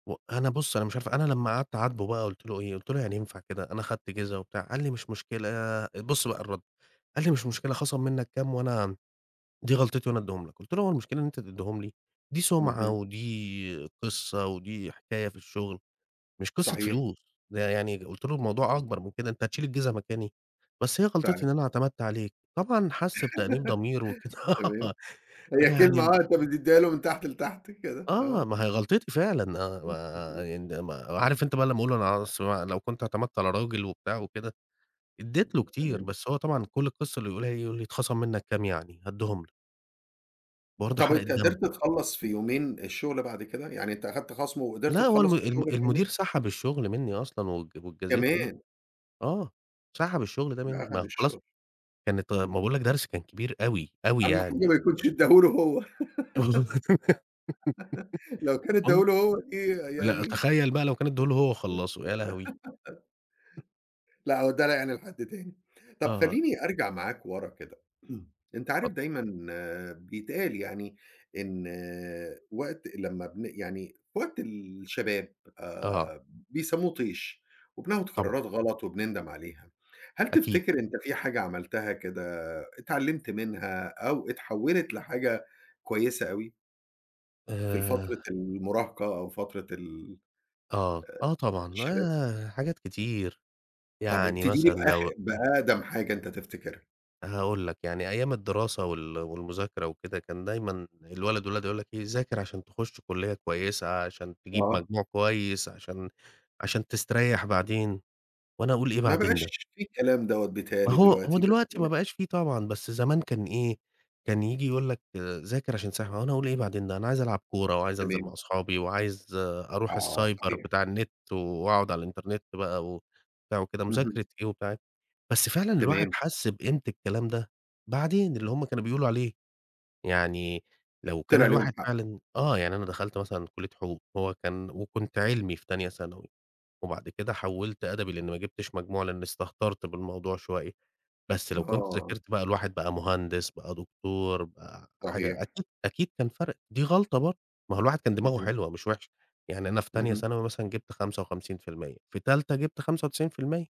وأنا بُص، أنا مش عارف أنا لما قعدت اعاتبه بقى، قلت له إيه؟ قلت له: "يعني ينفع كده؟ أنا أخدت جزا وبتاع." قال لي: "مش مشكلة." آآ، بص بقى الرد، قال لي: "مش مشكلة، خصم منك كام وأنا دي غلطتي وأنا أدِّيهم لك." قلت له: "هو المشكلة إن أنت تديهم لي؟ دي سمعة اهم. ودي قصة ودي حكاية في الشغل، مش قصة صحيح. فلوس." ده يعني قلت له: "الموضوع اهم. أكبر من كده، أنت هتشيل الجزا مكاني؟ بس هي غلطتي فعلًا. إن أنا اعتمدت عليك." طبعًا حس بتأنيب ضمير وكده تمام. هي كلمة يعني واقفة بتديها له من تحت لتحت كده آه، آه. ما هي غلطتي فعلًا، [unintelligible] آآ، ما د عارف أنت بقى لما أقول له: "بص، بقى لو كنت اعتمدت على راجل وبتاع وكده." أديت له اهم، كتير، تمام. بس هو طبعًا كل القصة اللي يقولها إيه؟ يقول لي: "اتخصم منك كام يعني؟ هاديهم لك." برضه طب، حرقة أنت دم. قدرت تخلص في يومين الشغلة بعد كده؟ يعني أنت أخدت خصم وقدرت لا، هو تخلص الم الم الشغل في المدير يومين؟ سحب الشغل مني أصلًا وات واتجازيت فيه. كمان؟! آه، سحب الشغل ده ده مني، ما أخد هو خلاص الشغل. كانت غ ما باقول لك درس كان كبير أوي، أوي أهم حاجة ما يعني. يكونش أدَّاه له هو. لو كان أدَّاه [unintelligible] له هو دي .لأ، يعني تخيل بقى لو كان ادَّاه له هو وخلصه، يا [unintelligible] لهوي! لأ، هو ادَّاه يعني لحد تاني. طب، آه. خليني أرجع معاك ورا كده أنت عارف [unintelligible] دايمًا بيتقال يعني، إن وقت لما بن يعني في وقت الشباب آه. آآ، بيسموه طيش وبناخذ طبعًا. قرارات غلط وبنندم عليها، هل أكيد. تفتكر أنت في حاجة عملتها كده اتعلمت منها أو اتحولت لحاجة كويسة أوي؟ في آآ الفترة المراهقة أو فترة ال آه، آه، آآ، طبعًا الشباب؟ آآ، حاجات كتير، طب، يعني أبتدي لي مثلًا لو بآخر بأقدم حاجة أنت تفتكرها. هاقول لك يعني أيام الدراسة وال والمذاكرة وكده، كان دايمًا الوالد والوالدة يقولوا لك إيه: "ذاكر عشان تخش كلية كويسة، عشان تجيب آه. مجموع كويس، عشان عشان تستريح بعدين." وأنا أقول: "إيه ما بعدين ده؟" بقاش في الكلام دوّة بتهيأ ما لي هو هو دلوقتي دلوقتي ما بس بقاش في طبعًا، بس زمان كان إيه؟ كان ييجي يقول لك: "ذاكر عشان تستريح." وأنا أقول: "إيه بعدين ده؟ أنا عايز ألعب كورة وعايز أنزل تمام. مع أصحابي وعايز أروح آه، السايبر صحيح. بتاع النت وأقعد على الإنترنت بقى وبتاع وكده، اهم. مذاكرة إيه وبتاع إيه." بس فعلًا الواحد تمام. حس بقيمة الكلام ده بعدين، اللي هم كانوا بيقولوا عليه. يعني لو كان طلع ليهم الواحد حق. فعلًا آه، يعني أنا دخلت مثلًا كلية حقوق، هو كان وكنت علمي في تانية ثانوي وبعد كده حولت أدبي لإن ما جبتش مجموع، لإني استهترت بالموضوع شوية، بس لو كنت آه. ذاكرت بقى الواحد بقى مهندس، بقى دكتور، بقى حاجة، صحيح. أكيد، أكيد كان فرق. دي غلطة برضه، ما هو الواحد كان دماغه اهم. حلوة مش وحشة، يعني أنا في تانية اهم. ثانوي مثلًا جبت 55%، في تالتة جبت 95%.